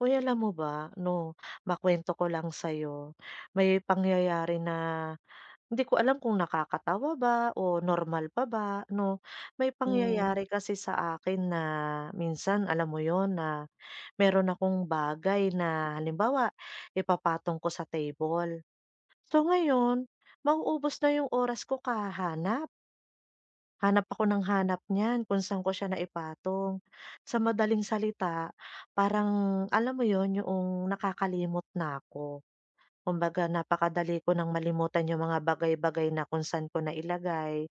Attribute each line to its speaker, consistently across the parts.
Speaker 1: Oy, alam mo ba, 'no, makwento ko lang sa'yo, may pangyayari na hindi ko alam kung nakakatawa ba o normal pa ba, 'no. May
Speaker 2: Hmm.
Speaker 1: pangyayari kasi sa akin na minsan, alam mo 'yon, na meron akong bagay na halimbawa, ipapatong ko sa table. So ngayon, mauubos na yung oras ko kahahanap. Hanap ako nang hanap niyan, kung saan ko siya naipatong. Sa madaling salita, parang alam mo 'yon, 'yoong nakakalimot na 'ko. Kumbaga napakadali ko nang malimutan 'yong mga bagay-bagay na kung saan ko nailagay.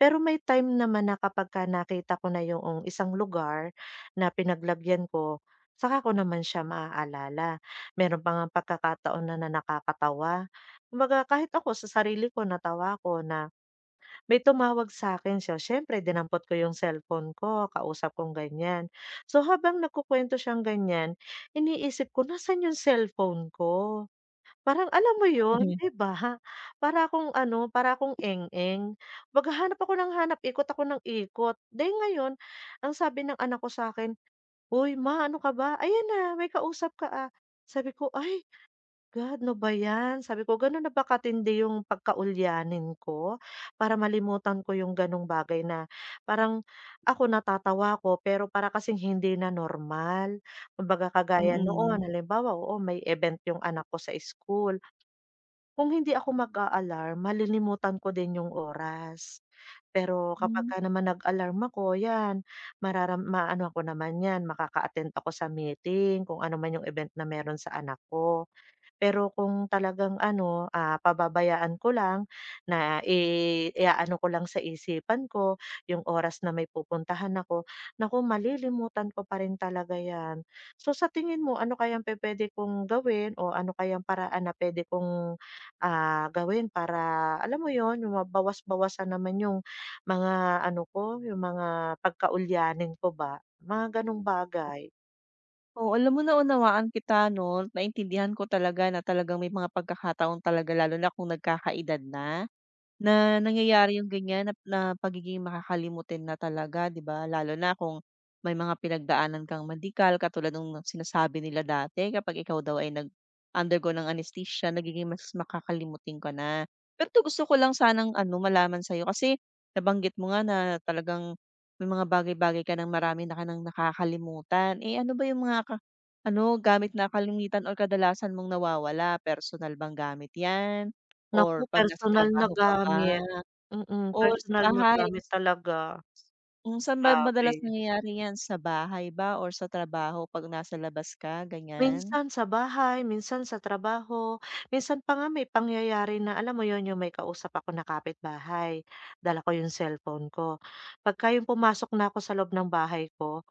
Speaker 1: Pero may time naman na kapagka nakita ko na 'yoong isang lugar na pinaglagyan ko, 'tsaka ko naman siya maaalala. Mayro'n pa ngang pagkakataon na na nakakatawa. Kumbaga kahit ako sa sarili ko natawa ako na may tumawag sa 'kin. So siyempre dinampot ko 'yong cellphone ko, kausap kong ganiyan. So habang nagkukuwento siyang ganiyan, iniisip ko nasaan 'yong cellphone ko? Parang alam mo 'yon,
Speaker 2: Mhm.
Speaker 1: 'di ba? Para akong ano, para akong eng-eng, maghahanap ako nang hanap, ikot ako nang ikot. Dahil ngayon, ang sabi ng anak ko sa 'kin, "Uy, Ma, ano ka ba? Ayan na, may kausap ka, ah." Sabi ko, "Ay, God, 'no ba 'yan?" Sabi ko, "Gano'n na ba kating hindi 'yong pagkaulianin ko para malimutan ko 'yong gano'ng bagay na parang ako natatawa ko, pero para kasing hindi na normal." Kumbaga, kagaya
Speaker 2: Mm.
Speaker 1: noon, halimbawa, oo, may event 'yong anak ko sa school. Kung hindi ako mag-a-alarm, malilimutan ko din 'yong oras. Pero
Speaker 2: Hmm.
Speaker 1: kapagka naman nag-alarm ako, 'yan mararam ma-anohan ko naman 'yan, makaka-attend ako sa meeting, kung ano man 'yong event na mayro'n sa anak ko. Pero kung talagang, ano, ah, pababayaan ko lang na i i-aano ko lang sa isipan ko 'yong oras na may pupuntahan ako, naku, malilimutan ko pa rin talaga 'yan. So sa tingin mo, ano kayang pupuwede kong gawin o ano kayang paraan na puwede kong, ah, gawin para alam mo 'yon, 'yong mabawas-bawasan naman 'yong mga ano ko, 'yong mga pagkaulianin ko ba, mga gano'ng
Speaker 2: Ah.
Speaker 1: bagay?
Speaker 2: Oo, alam mo naunawaan kita 'no, naintindihan ko talaga na talagang may mga pagkakataon talaga, lalo na kung nagkaka-edad na. Na nangyayari 'yong ganiyan nap na pagiging makakalimutin na talaga, 'di ba, lalo na kung may mga pinagdaanan kang medical katulad no'ng sinasabi nila dati kapag ikaw daw ay nag undergo ng anestesya, nagiging mas makakalimutin ka na. Pero 'to gusto ko lang sanang, ano, malaman sa 'yo kasi nabanggit mo nga na talagang may mga bagay-bagay ka nang marami na ka nang nakakalimutan, eh, ano ba 'yong mga ka ano, gamit na kalimitan or kadalasan mong nawawala? Personal bang gamit 'yan?
Speaker 1: Naku,
Speaker 2: Or 'pag nasa
Speaker 1: personal na
Speaker 2: trabaho ka ba?
Speaker 1: gamit. Mm,
Speaker 2: Or sa
Speaker 1: personal na
Speaker 2: bahay?
Speaker 1: gamit talaga.
Speaker 2: Hmm, saan ba madalas
Speaker 1: Grabe.
Speaker 2: nangyayari 'yan? Sa bahay ba or sa trabaho 'pag nasa labas ka, ganiyan?
Speaker 1: Minsan sa bahay, minsan sa trabaho, minsan pa nga may pangyayari na alam mo 'yon, 'yong may kausap ako na kapitbahay, dala ko 'yong cellphone ko. 'Pagka 'yong pumasok na ako sa loob ng bahay ko,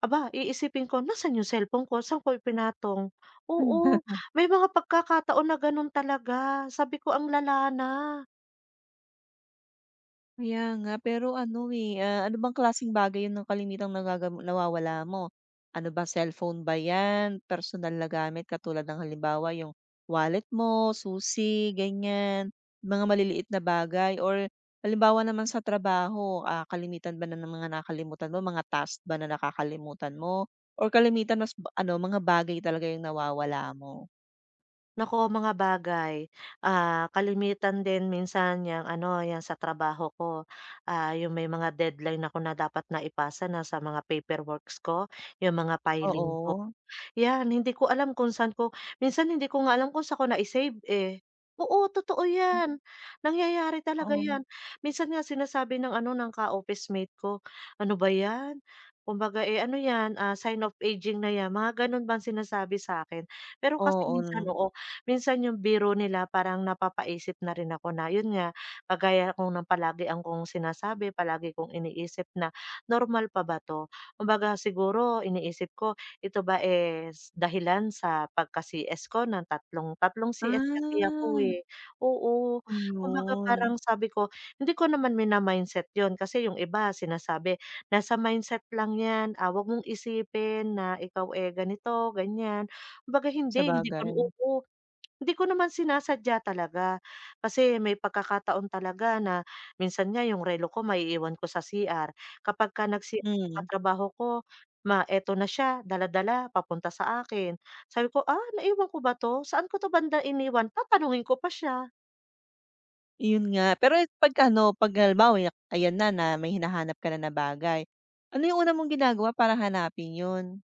Speaker 1: aba, iisipin ko, "Nasaan 'yong cellphone ko, saan ko ipinatong?"
Speaker 2: Hmm.
Speaker 1: Oo, may mga pagkakataon na ganun talaga, sabi ko, "Ang lala na."
Speaker 2: Kaya nga, pero ano, eh, ah, ano bang klaseng bagay 'yong na kalimitang nagagam nawawala mo? Ano ba, cellphone ba 'yan? Personal na gamit katulad ng, halimbawa 'yong wallet mo, susi, ganiyan? Mga maliliit na bagay or halimbawa naman sa trabaho, ah, kalamitan ba na ng mga nakakalimutan mo, mga task ba na nakakalimutan mo? Or kalimitan mas b ano, mga bagay talaga 'yong nawawala mo?
Speaker 1: Naku, mga bagay. Ah, kalimitan din minsan 'yang, ano, 'yang sa trabaho ko, ah, 'yong may mga deadline ako na dapat na ipasa na, sa mga paperworks ko, 'yong mga filing ko.
Speaker 2: Oo.
Speaker 1: 'Yan, hindi ko alam kung saan ko minsan hindi ko nga alam kung saan ko nai-save, eh. Oo, totoo
Speaker 2: Hmm.
Speaker 1: 'yan. Nangyayari talaga
Speaker 2: Oo.
Speaker 1: 'yan. Minsan nga sinasabi ng, ano, ng ka-officemate ko, "ano ba 'yan? Kumbaga, eh, ano 'yan, ah, sign of aging na 'yan," mga gano'n bang sinasabi sa 'kin. Pero kasi minsan
Speaker 2: Oo.
Speaker 1: oo, minsan 'yong biro nila parang napapaisip na rin ako na 'yon nga, kagaya kong no'ng napalagi akong sinasabi, palagi kong iniisip na normal pa ba 'to? Kumbaga, siguro iniisip ko, ito ba is dahilan sa pagka-CS ko ng tatlong tatlong CS kasi ako,
Speaker 2: Ah.
Speaker 1: eh. Oo, kumbaga parang
Speaker 2: Ayun.
Speaker 1: sabi ko, hindi ko naman mina-mindset 'yon kasi 'yong iba sinasabi, "Nasa mindset lang 'yan. Ah, huwag mong isipin na ikaw, eh, ganito, ganyan." Kumbaga, hindi, hindi ko na
Speaker 2: Sabagay.
Speaker 1: oo. Hindi ko naman sinasadya talaga, kasi may pagkakataon talaga na minsan nga 'yong relo ko maiiwan ko sa CR, kapagka nag-CR 'yong
Speaker 2: Hmm.
Speaker 1: katrabaho ko, ma ito na siya, dala-dala, papunta sa akin. Sabi ko, "Ah, naiwan ko ba 'to? Saan ko 'to banda iniwan?" Tatanungin ko pa siya.
Speaker 2: 'Yun nga, pero et 'pag ano, 'pag halimbawa, ya ayan na na may hinahanap ka na bagay. Ano yung una mong ginagawa para hanapin 'yun?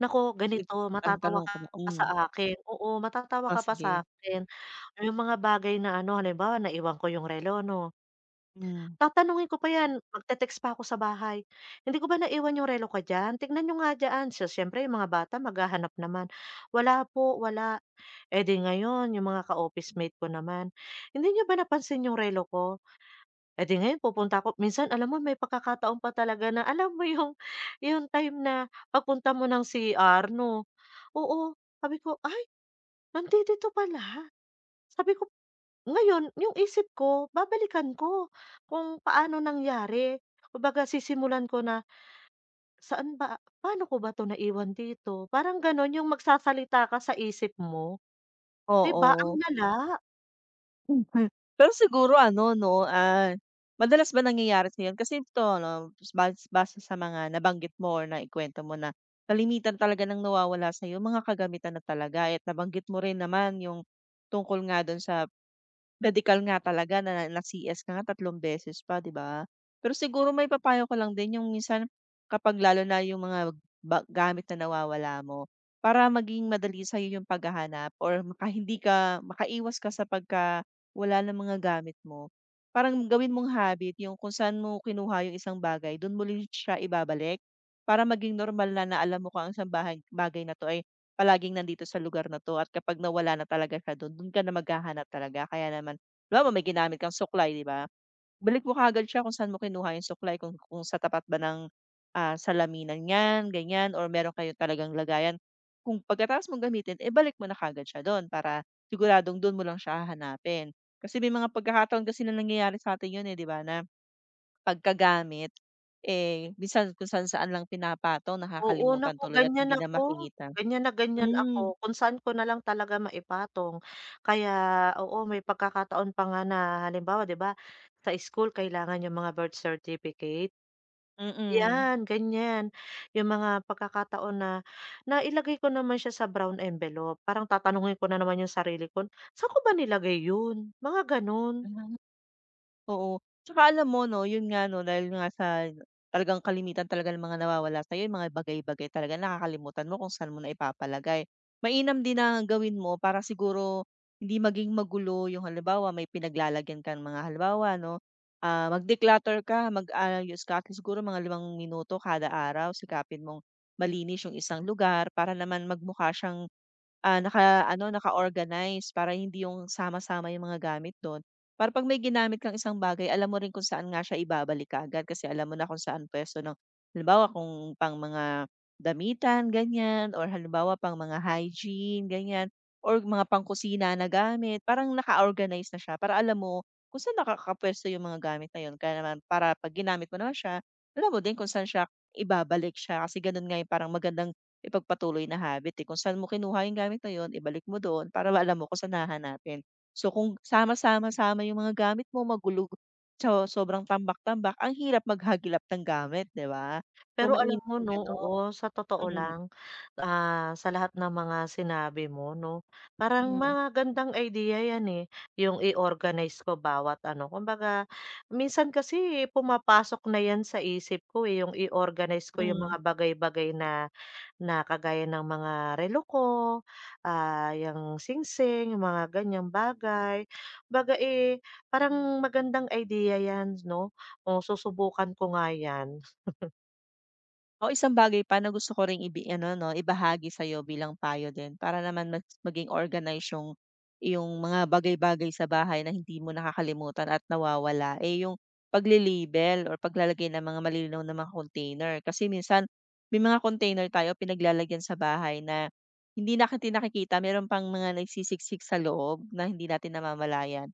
Speaker 1: Naku,
Speaker 2: Dib
Speaker 1: ganito
Speaker 2: ang
Speaker 1: matatawa
Speaker 2: tanong
Speaker 1: ka
Speaker 2: ko
Speaker 1: pa sa
Speaker 2: noon.
Speaker 1: akin, oo matatawa
Speaker 2: Oh,
Speaker 1: ka pa sa
Speaker 2: sige.
Speaker 1: akin. Yung mga bagay na ano halimbawa naiwan ko yung relo 'no?
Speaker 2: Hmm.
Speaker 1: Tatanungin ko pa yan, magte-text pa ako sa bahay. "Hindi ko ba naiwan yung relo ko diyan? Tignan niyo nga diyan." So siyempre yung mga bata maghahanap naman. "Wala po, wala." Eh, 'di ngayon yung mga ka-officemate ko naman, "Hindi niyo ba napansin yung relo ko?" Eh, 'di ngayon pupunta ko minsan alam mo may pagkakataong pa talaga na alam mo yung, yung time na pagpunta mo ng CR no? Oo, sabi ko, "Ay, nandidito pala." Sabi ko. Ngayon, yung isip ko babalikan ko kung paano nangyari kumbaga sisimulan ko na. "Saan ba paano ko ba 'to naiwan dito?" Parang gano'n 'yong magsasalita ka sa isip mo. 'Di ba, ang
Speaker 2: Oo.
Speaker 1: lala?
Speaker 2: [unintelligible] pero siguro ano 'no ah, madalas ba nangyayari sa'yo 'yun? Kasi ito 'no, bas base sa mga nabanggit mo or naikuwento mo na kalimitan talaga ng nawawala sa'yo, mga kagamitan na talaga at nabanggit mo rin naman yung tungkol nga do'n sa, medikal nga talaga na na CS ka nga 3 beses pa 'di ba? Pero siguro maipapayo ko lang din yung minsan, kapag lalo na yung mga ba gamit na nawawala mo. Para maging madali sa'yo yung paghahanap or maka hindi ka, makaiwas ka sa pagka wala ng mga gamit mo. Parang gawin mong habit yung kung saan mo kinuha yung isang bagay, do'n mo rin siya ibabalik. Para maging normal na na alam mo kung ang isang bahay bagay na 'to, eh, palaging nandito sa lugar na 'to at kapag nawala na talaga siya do'n, do'n ka na maghahanap talaga. Kaya naman, halibawa may ginamit kang suklay, 'di ba? Balik mo kaagad siya kung saan mo kinuha yung suklay kung, kung sa tapat ba ng, ah, salaminan yan ganyan or mayro'n kayong talagang lagayan. Kung pagkatapos mong gamitin, eh, balik mo na kaagad siya do'n para siguradong do'n mo lang siya hahanapin. Kasi may mga pagkakataon kasi nalangyayari sa atin 'yun, eh, 'di ba, na pagkagamit, eh, minsan kung saan-saan lang pinapatong
Speaker 1: Oo,
Speaker 2: nakakalimutan
Speaker 1: naku
Speaker 2: tuloy at
Speaker 1: gan'yan
Speaker 2: hindi na
Speaker 1: ako,
Speaker 2: makita.
Speaker 1: gan'yan na gan'yan ako.
Speaker 2: Hmm.
Speaker 1: Kung saan ko na lang talaga maipatong, kaya oo may pagkakataon pa nga na halimbawa 'di ba, sa school kailangan yung mga birth certificate.
Speaker 2: Mm.
Speaker 1: 'Yan, gan'yan. 'Yong mga pagkakataon na, nailagay ko naman siya sa brown envelope, parang tatanungin ko na naman 'yong sarili ko, "Saan ko ba nilagay 'yon?" Mga gano'n.
Speaker 2: Oo, at saka alam mo 'no, 'yon nga 'no, dahil nga sa talagang kalimitan talaga ng mga nawawala sa'yo, 'yong mga bagay-bagay talaga nakakalimutan mo kung saan mo naipapalagay. Mainam din na gawin mo para siguro, hindi maging magulo yung halimbawa may pinaglalagyan kang mga halimbawa 'no, ah, mag declutter ka, mag-ayos ka at least siguro mga 5 minuto kada araw, sikapin mong malinis yung isang lugar para naman magmukha siyang, ah, naka-ano, naka-organize para hindi yung sama-sama yung mga gamit do'n. Para 'pag may ginamit kang isang bagay, alam mo rin kung saan nga siya ibabalik kaagad, kasi alam mo na kung saan pwesto 'no. Halimbawa kung pang mga damitan ganyan or halimbawa pang mga hygiene gan'yan or mga pang kusina na gamit parang naka-organize na siya para alam mo, kung saan nakakapwesto yung mga gamit na 'yun. Kaya naman para 'pag ginamit mo na siya alam mo din kung saan siya ibabalik siya kasi gano'n nga, eh, parang magandang ipagpatuloy na habit, eh, kung saan mo kinuha yung gamit na yun ibalik mo doon para alam mo kung saan hahanapin. So kung sama-sama sama yung mga gamit mo magulog so, sobrang tambak-tambak, ang hirap maghagilap ng gamit, 'di ba? So,
Speaker 1: Pero alam
Speaker 2: mainam
Speaker 1: mo
Speaker 2: na
Speaker 1: 'no
Speaker 2: gano'n.
Speaker 1: oo, sa totoo lang, ah, sa lahat ng mga sinabi mo 'no, parang
Speaker 2: Hmm.
Speaker 1: magandang idea 'yan, eh, yung i-organize ko bawat ano, kumbaga minsan kasi, eh, pumapasok na 'yan sa isip ko eh, yung i-organize ko yung
Speaker 2: Hmm.
Speaker 1: mga bagay-bagay na na kagaya ng mga relo ko, ah, yang singsing, yung mga ganyang bagay. 'Baga, eh, parang magandang idea 'yan 'no, oh susubukan ko nga 'yan.
Speaker 2: Oh, isang bagay pa na gusto ko ring ibi ano, 'no, ibahagi sa 'yo bilang payo din para naman mas maging organized 'yong iyong mga bagay-bagay sa bahay na hindi mo nakakalimutan at nawawala, eh, 'yong pagle-label or paglalagay ng mga malilinaw na mga container. Kasi minsan may mga container tayo pinaglalagyan sa bahay na hindi natin nakikita, mayro'n pang mga nagsisisik sa loob na hindi natin namamalayan.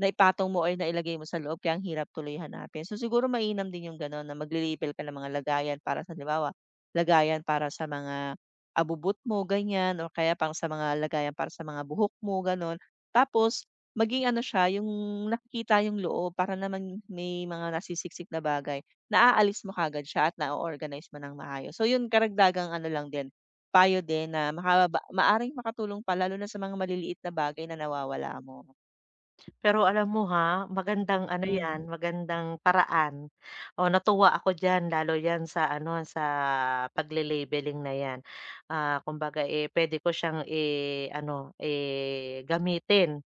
Speaker 2: Naipatong mo or nailagay mo sa loob, kaya ang hirap tuloy hanapin. So siguro mainam din 'yong gano'n na magle-label ka ng mga lagayan para sa halimbawa, lagayan para sa mga abubot mo ganiyan o kaya pang sa mga lagayan para sa mga buhok mo, gano'n. Tapos maging ano siya 'yong nakikita 'yong loob para naman may mga nasisiksik na bagay, naaalis mo kaagad siya at na-o-organize mo ng maayos. So 'yon karagdagang ano lang din, payo din na makababa maaring makatulong pa lalo na sa mga maliliit na bagay na nawawala mo.
Speaker 1: Pero alam mo, ha, magandang ano
Speaker 2: Hmm.
Speaker 1: 'yan, magandang paraan. Oh, natuwa ako diyan lalo 'yan sa ano, sa pagle-labeling na 'yan. Ah, kumbaga, eh, pwede ko siyang, eh, ano, eh, gamitin.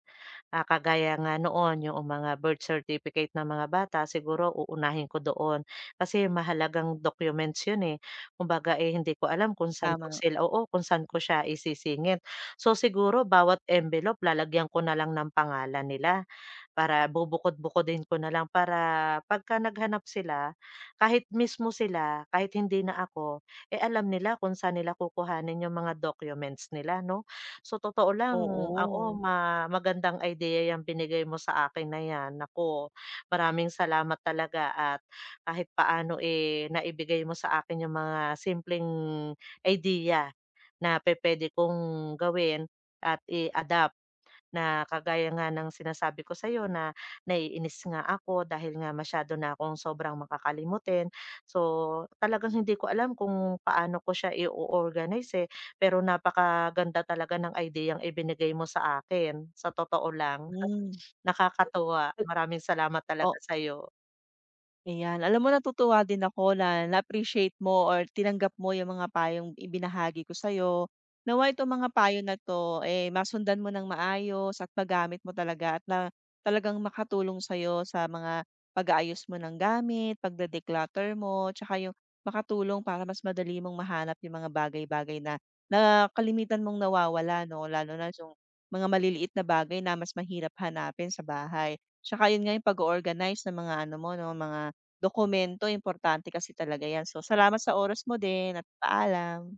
Speaker 1: Ah, kagaya nga noon, 'yoong mga birth certificate ng mga bata, siguro uunahin ko doon. Kasi mahalagang documents 'yon, eh. Kumbaga, eh, hindi ko alam kung saan ko
Speaker 2: Tama.
Speaker 1: sila oo, kung saan ko siya isisingit. So, siguro bawat envelope lalagyan ko na lang ng pangalan nila para bubukod-bukodin ko na lang para 'pagka naghahanap sila, kahit mismong sila, kahit hindi na ako, eh, alam nila kung saan nila kukuhanin 'yong mga documents nila, 'no? Sa totoo lang, oo,
Speaker 2: Oo.
Speaker 1: ma magandang idea 'yang binigay mo sa akin na 'yan. Naku, maraming salamat talaga at kahit paano, eh, naibigay mo sa akin 'yong mga simpleng idea na pupuwede kong gawin at i-adapt. Na kagaya nga ng sinasabi ko sa'yo na naiinis nga ako dahil nga masyado na akong sobrang makakalimutin. So talagang hindi ko alam kung paano ko siya i-o-organize, eh, pero napakaganda talaga ng ideyang ibinigay mo sa akin. Sa totoo lang,
Speaker 2: Hmm.
Speaker 1: nakakatuwa. Maraming salamat talaga
Speaker 2: O
Speaker 1: sa'yo.
Speaker 2: Ayan, alam mo natutuwa din ako na na-appreciate mo or tinanggap mo 'yong mga payong ibinahagi ko sa 'yo. Nawa'y itong mga payo na 'to, eh, masundan mo ng maayos at magamit mo talaga at na talagang makatulong sa'yo sa mga pag-aayos mo ng gamit, pagde-declutter mo, tsaka 'yong makatulong para mas madali mong mahanap 'yong mga bagay-bagay na na kalimitan mong nawawala, 'no? Lalo na 'yong mga maliliit na bagay na mas mahirap hanapin sa bahay. 'Tsaka 'yun nga 'yong pag-o-organize ng mga ano mo, 'no, mga dokumento, importante kasi talaga yan. So salamat sa oras mo din at paalam.